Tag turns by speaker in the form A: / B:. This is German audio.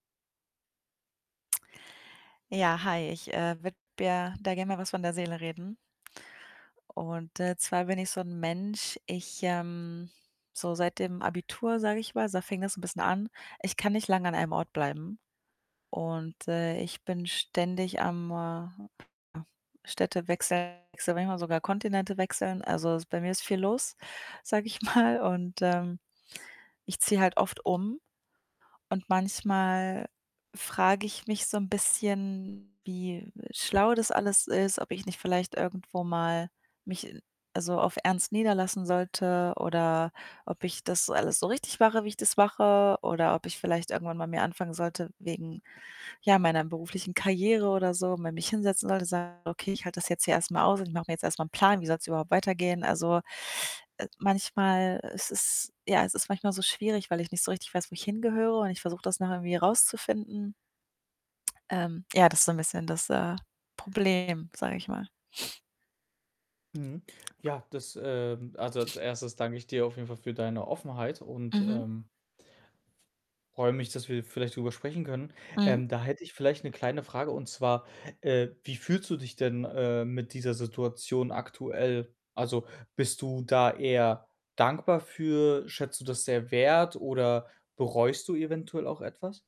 A: Ja, hi, ich, äh, würde mir da gerne mal was von der Seele reden. Und, äh, zwar bin ich so 'n Mensch, ich, ähm so seit dem Abitur, sage ich mal, da fing das 'n bisschen an, ich kann nicht lang an einem Ort bleiben und, äh, ich bin ständig am, äh, Städte wechseln, manchmal sogar Kontinente wechseln. Also, es bei mir ist viel los, sage ich mal, und, ähm, ich ziehe halt oft um und manchmal frage ich mich so 'n bisschen, wie schlau das alles ist, ob ich nicht vielleicht irgendwo mal mich also, auf ernst niederlassen sollte oder ob ich das alles so richtig mache, wie ich das mache oder ob ich vielleicht irgendwann mal mir anfangen sollte wegen, ja, meiner beruflichen Karriere oder so, mal mich hinsetzen sollte und sagen: „Okay, ich halte das jetzt hier erst mal aus und ich mache mir jetzt erst mal 'n Plan, wie soll's überhaupt weitergehen?“ Also, äh, manchmal ist es ja, es ist manchmal so schwierig, weil ich nicht so richtig weiß, wo ich hingehöre, und ich versuche das noch irgendwie rauszufinden. Ähm, ja, das ist so 'n bisschen das, äh, Problem, sage ich mal.
B: Mhm. Ja, das, ähm also, als 1. danke ich dir auf jeden Fall für deine Offenheit und,
A: Mhm.
B: ähm freue mich, dass wir vielleicht drüber sprechen können.
A: Mhm.
B: Ähm, da hätte ich vielleicht 'ne kleine Frage, und zwar, äh, wie fühlst du dich denn, äh, mit dieser Situation aktuell? Also, bist du da eher dankbar für? Schätzt du das sehr wert, oder bereust du eventuell auch etwas?